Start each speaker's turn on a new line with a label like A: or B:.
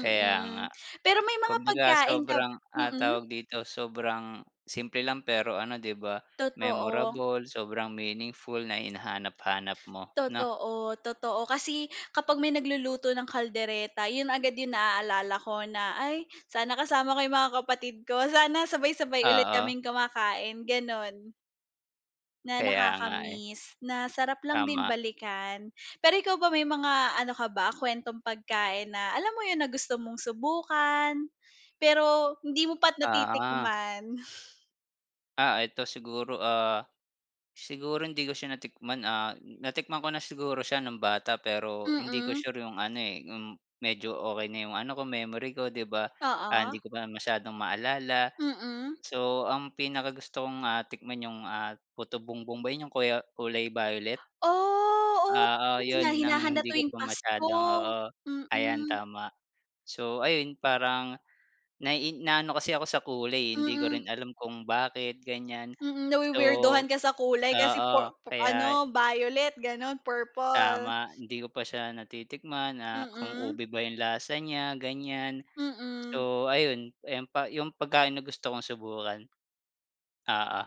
A: Kaya nga.
B: pero may mga
A: Kumbaga
B: pagkain ka
A: sobrang ang
B: mm.
A: tawag dito sobrang. Simple lang pero ano, di ba,
B: Totoo.
A: memorable sobrang meaningful na hinahanap-hanap mo, no?
B: Totoo, totoo kasi kapag may nagluluto ng kaldereta yun agad yung naalala ko na, "Ay sana kasama ko yung mga kapatid ko sana sabay sabay ulit
A: Oo.
B: kaming kumakain." Ganon. Na
A: Kaya nga eh.
B: nakakamiss. Na sarap lang din
A: Tama.
B: balikan. Pero ikaw ba, may mga ano ka ba kwentong pagkain na alam mo yun na gusto mong subukan. Pero hindi mo pa
A: Oo.
B: natitikman.
A: Ah, eto siguro, ah, siguro hindi ko siya natikman ah, natikman ko na siguro siya nung bata pero hindi ko
B: Mm.
A: sure 'yong ano, eh, 'yong medyo okey na 'yong ano ko memory ko 'di ba, ah, hindi
B: Oo.
A: ko masyadong maalala.
B: Mm.
A: So ang pinakagusto kong, ah, tikman 'yong ah, putubongbong ba 'yong kuya kulay violet.
B: Oh, oh.
A: Oo,
B: Na
A: yun ang
B: hinahanda
A: hindi ko
B: tuwing
A: pa
B: pasko.
A: masyadong, oo. Ayan
B: Mm.
A: tama. So ayun parang. Nai naano kasi ako sa kulay eh, hindi ko rin alam kung bakit ganyan.
B: Mm,
A: So
B: na-wi-weirduhan ka sa kulay kasi
A: Oo
B: pu pu
A: kaya
B: ano violet ganon, purple.
A: Tama, hindi ko pa siya natitikman na kung
B: Mm.
A: ube ba yung lasa niya ganyan.
B: Mm.
A: So ayun, ayun pa yung pagkain na gusto kong subukan. Oo.